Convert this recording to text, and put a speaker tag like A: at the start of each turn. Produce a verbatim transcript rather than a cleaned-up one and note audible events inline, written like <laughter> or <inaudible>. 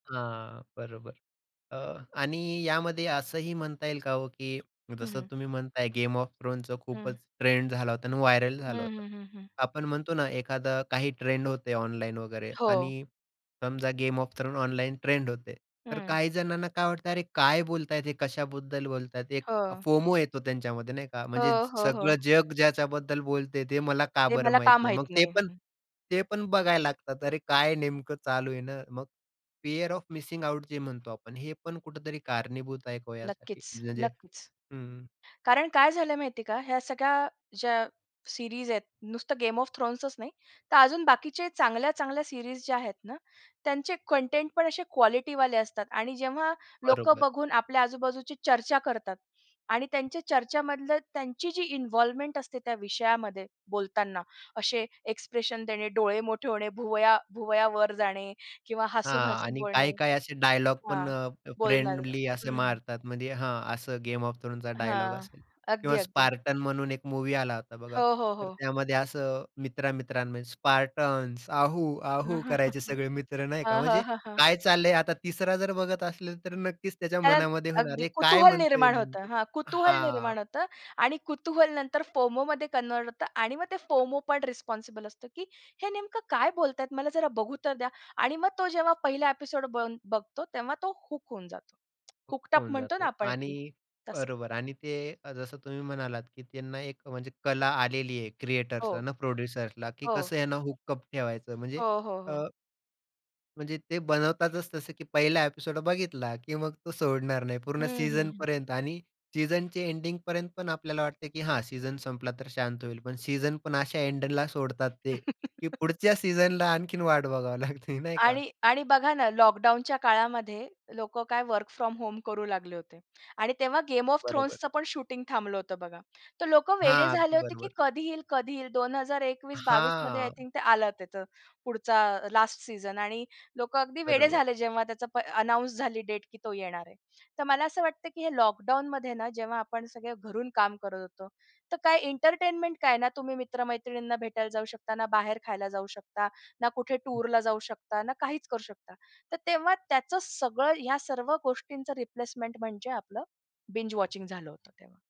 A: हां. बरोबर. अ, आणि यामध्ये असंही म्हणता येईल का हो की
B: हं,
A: जसं
B: हं.
A: तुम्ही म्हणताय, 'गेम ऑफ थ्रोन्स'चा
B: हं.
A: खूपच ट्रेंड झाला होता आणि व्हायरल
B: हं,
A: झालं होतं.
B: हं. हं, हं.
A: आपण म्हणतो ना, एखादं काही ट्रेंड होतं ऑनलाईन वगैरे
B: हो.
A: आणि समजा 'Game of Thrones' online trend होतंय, तर
B: हं.
A: काही जणांना काय वाटतं, "अरे काय बोलतायत हे, कशाबद्दल बोलतायत?" एक
B: हो.
A: फोमो येतो त्यांच्यामध्ये नाही का, म्हणजे
B: हो, हो. हो.
A: "सगळं जग ज्याच्याबद्दल बोलतंय ते मला का
B: ते
A: बरं
B: मला
A: माहीत
B: का
A: नाही?" मग
B: माहित
A: ते
B: नाही?
A: पण,
B: हं.
A: ते पण बघायला लागतात. "अरे काय नेमकं चालू आहे ना." मग फिअर ऑफ मिसिंग आउट जे म्हणतो आपण, हे पण कुठेतरी कारणीभूत आहे का हो यासाठी?
B: नक्कीच,
A: म्हणजे
B: नक्कीच.
A: हं, हं.
B: कारण काय झालंय माहितीये का, ह्या सगळ्या ज्या सिरीज आहेत. नुसतं गेम ऑफ थ्रोन्सच नाही, तर अजून बाकीच्या चांगल्या चांगल्या सिरीज ज्या आहेत ना, त्यांचे कंटेंटपण असे क्वालिटीवाले असतात आणि जेव्हा लोकं
A: बरोबर.
B: बघून आपल्या आजूबाजूची चर्चा करतात आणि त्यांच्या चर्चामधली त्यांची जी इन्व्हॉल्व्हमेंट असते, त्या विषयामध्ये बोलताना असे एक्सप्रेशन देणे, डोळे मोठे होणे, भुवया भुवया वर जाणे किंवा
A: हां.
B: हसून-हसून
A: आणि
B: बोलणे.
A: काही, काही असे डायलॉग पण
B: हां,
A: अ,
B: बोलणार
A: फ्रेंडली असे
B: हं, हं.
A: मारतात, म्हणजे हां, अ, असं गेम ऑफ थ्रोन्सचा डायलॉग
B: हां.
A: असेल.
B: अगदी,
A: किंवा
B: अगदी.
A: स्पार्टन्स म्हणून एक मूव्ही आला होता बघा.
B: हो, हो.
A: तर
B: हो.
A: त्यामध्ये असं मित्र-मित्रांमध्ये स्पार्टन्स आहू, आहू करायचे
B: <chuckles>
A: सगळे मित्र नाही का,
B: हां, हां.
A: म्हणजे
B: हां, हां.
A: काय चाललंय? आता तिसरा जर बघत असला तर, नक्कीच त्याच्या
B: कारण,
A: मनामध्ये होणार
B: अगदी
A: आहे. "काय
B: कुतूहल
A: म्हणतोय
B: निर्माण होतं.
A: नेमक."
B: हां, कुतूहल
A: हां.
B: निर्माण होतं आणि कुतूहल नंतर फोमोमध्ये कन्व्हर्ट होतं आणि मग ते फोमो पण रिस्पॉन्सिबल असतं, "की हे नेमकं काय बोलतायेत, मला जरा बघू तर द्या." आणि मग तो जेव्हा पहिला एपिसोड बन बघतो, तेव्हा तो हूक होऊन जातो. हूक्टअप
A: होऊन
B: म्हणतो ना,
A: जातो.
B: आपण एक ते,
A: आणि
B: तसं.
A: बरोबर, आणि ते अ, जसं तुम्ही म्हणालात की त्यांना एक म्हणजे कला आलेली आहे.
B: हो.
A: क्रिएटर्सला ना, प्रोड्युसर्सला, की
B: हो.
A: कसं यांना हुकअप ठेवायचं. म्हणजे
B: हो, हो.
A: अ,
B: हो.
A: म्हणजे ते बनवताच तसं की पहिला एपिसोड बघितला, की मग तो सोडणार नाही, पूर्ण
B: हं, हं. हं.
A: सीजनपर्यंत. आणि सीजनच्या एंडिंगपर्यंत पण आपल्याला वाटतं की हा सीजन संपला तर शांत होईल. पण सीजन पण अशा एंडला सोडतात, ते की पुढच्या सीजनची
B: <laughs>
A: आणखीन वाट बघावी लागते. <chuckles> नाही का.
B: आणि आणि बघा ना, लॉकडाऊनच्या काळामध्ये लोकं काय वर्क फ्रॉम होम करू लागले होते. आणि तेव्हा 'गेम ऑफ
A: बरोबर.
B: थ्रोन्स'चं पण शूटिंग थांबलं होतं बघा. तर लोकं वेडे
A: हां,
B: झाले
A: अगदी
B: होते, की
A: बरोबर.
B: कधी येईल, कधी येईल. दोन हजार एकवीस बावीस मध्ये आय
A: हां.
B: थिंक ते आलं, तिथं पुढचा अ, लास्ट सीजन आणि लोकं अगदी वेडे
A: बरोबर.
B: झाले, प जेव्हा त्याची अनाउन्स झाली डेट की तो येणार आहे. तर मला असं वाटतं की हे लॉकडाऊनमध्ये ना, जेव्हा आपण सगळे घरून काम करत होतो, तर काय एंटरटेनमेंट काय? ना तुम्ही मित्र-मैत्रिणींना भेटायला जाऊ शकता, ना बाहेर खायला जाऊ शकता, ना कुठे टूरला जाऊ शकता, ना काहीच करू शकता. तर तेव्हा त्याचं सगळं ह्या सर्व गोष्टींचं रिप्लेसमेंट म्हणजे आपलं बिंज वॉचिंग झालं होतं तेव्हा.